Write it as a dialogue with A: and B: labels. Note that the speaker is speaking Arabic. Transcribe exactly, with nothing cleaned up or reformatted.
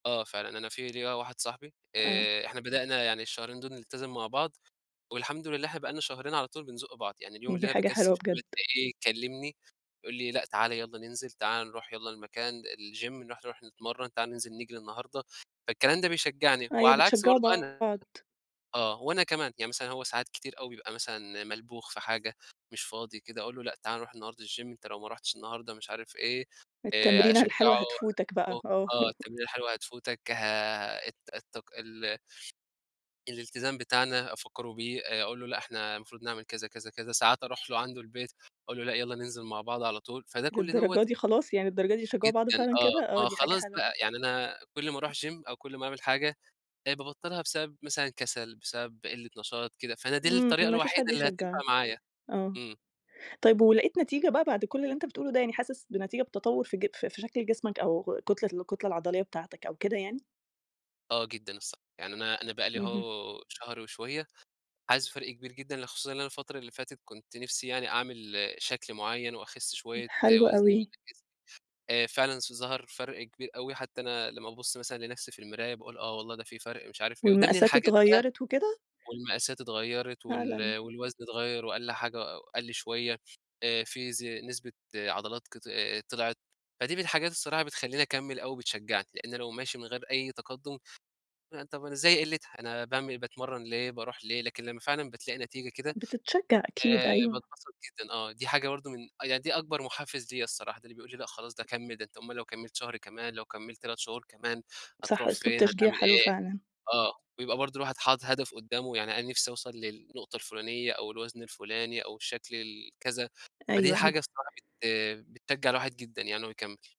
A: آه فعلًا أنا في ليَّ واحد صاحبي
B: آه.
A: آآ، إحنا بدأنا يعني الشهرين دول نلتزم مع بعض والحمد لله إحنا بقى لنا شهرين على طول بنزُق بعض، يعني اليوم اللي
B: دي
A: أنا
B: حاجة
A: باكسل
B: حلوة
A: فيه
B: بجد.
A: ألاقيه كلمني يقول لي: "لأ تعالَ يالّا ننزل، تعالَ نروح يالّا المكان الجيم نروح نروح نتمرن، تعالَ ننزل نجري النهارده،" فالكلام ده بيشجعني، وعلى
B: أيوه
A: العكس
B: بتشجعوا
A: برضو أنا،
B: بعض.
A: آه، وأنا كمان، يعني مثلًا هو ساعات كتير أوي بيبقى مثلًا ملبوخ في حاجة مش فاضي كده، أقول له: "لأ تعالَ نروح النهارده الجيم، أنت لو ما رُحتش النهارده" مش عارف إيه آآ،
B: التمرينة
A: أشجعه
B: الحلوة هتفوتك بقى آه.
A: آه التمرينة الحلوة هتفوتك آآ الت التك ال الالتزام بتاعنا أفكره بيه آآ، أقول له لأ إحنا المفروض نعمل كذا كذا كذا، ساعات أروح له عنده البيت أقول له: "لأ يالّا ننزل مع بعض على طول،" فده كُلّ دوّة
B: للدرجة دي خلاص يعني للدرجة دي بتشجعوا بعض
A: جدًا
B: فعلًا كده؟!
A: آه،
B: آه
A: ما
B: دي حاجة
A: خلاص
B: حلوة.
A: بقى يعني أنا كُلّ ما أروح جيم أو كُلّ ما أعمل حاجة، بقيت بابطلها بسبب مثلًا كسل، بسبب قلة نشاط كده، فأنا دي
B: إمم،
A: الطريقة
B: إمم. ما فيش
A: الوحيدة
B: حد
A: اللي هتنفع
B: يشجعك،
A: معايا،
B: آه،
A: إمم.
B: طيب ولقيت نتيجة بقى بعد كُلّ اللي أنت بتقوله ده، يعني حاسس بنتيجة بتتطور في ج ف في شكل جسمك أو كتلة الكتلة العضلية بتاعتك أو كده يعني؟
A: آه جدًا، الص يعني أنا أنا بقى لي
B: اهم.
A: اهو شهر وشوية حاسس بفرق كبير جدًا، ل خصوصًا إن أنا الفترة اللي فاتت كنت نِفسي يعني أعمل شكل معين وأخس شوية
B: حلو
A: وزن و
B: أوي.
A: [unintelligible] آآ، فعلًا س ظهر فرق كبير أوي، حتى أنا لمّا بابص مثلًا لنَفسي في المرايا باقول آه والله ده في فرق مش عارف إيه، وده من
B: والمقاسات
A: الحاجات بقى
B: اتغيرت وكده؟
A: والمقاسات اتغيرت
B: فعلًا!
A: وال والوزن اتغير وقَلّ حاجة قَلّ شوية آآ، في ز نسبة عضلات كط طلعِت، فدي من الحاجات الصراحة بتخلّيني أكمّل أو بتشجعني، لأن لو ماشي من غير أي تقدم، طب أنا زي قِلتها أنا باعمل باتمرن ليه، باروح ليه! لكن لمّا فعلًا بتلاقي نتيجة كده
B: بتتشجع أكيد
A: آآ،
B: أيوه.
A: باتبسط جدًا آه، دي حاجة برضو من آه يعني دي أكبر محفز ليَّ الصراحة، ده اللي بيقول لي لأ خلاص ده كمّل، ده أنت أومال لو كمّلت شهر كمان لو كمّلت تلات شهور كمان
B: صح
A: هتروح
B: أسلوب
A: فين،
B: تشجيع
A: هتعمل
B: حلو
A: إيه،
B: فعلًا.
A: آه بيبقى برضو الواحد حاطط هدف قدامه، يعني أنا نِفسي أوصل للنقطة الفلانية أو الوزن الفلاني أو الشكل ال كذا، فدي
B: أيوه
A: حاجة
B: أيوه.
A: بصراحة بت بتشجع الواحد جدًا يعني إن هو يكمّل.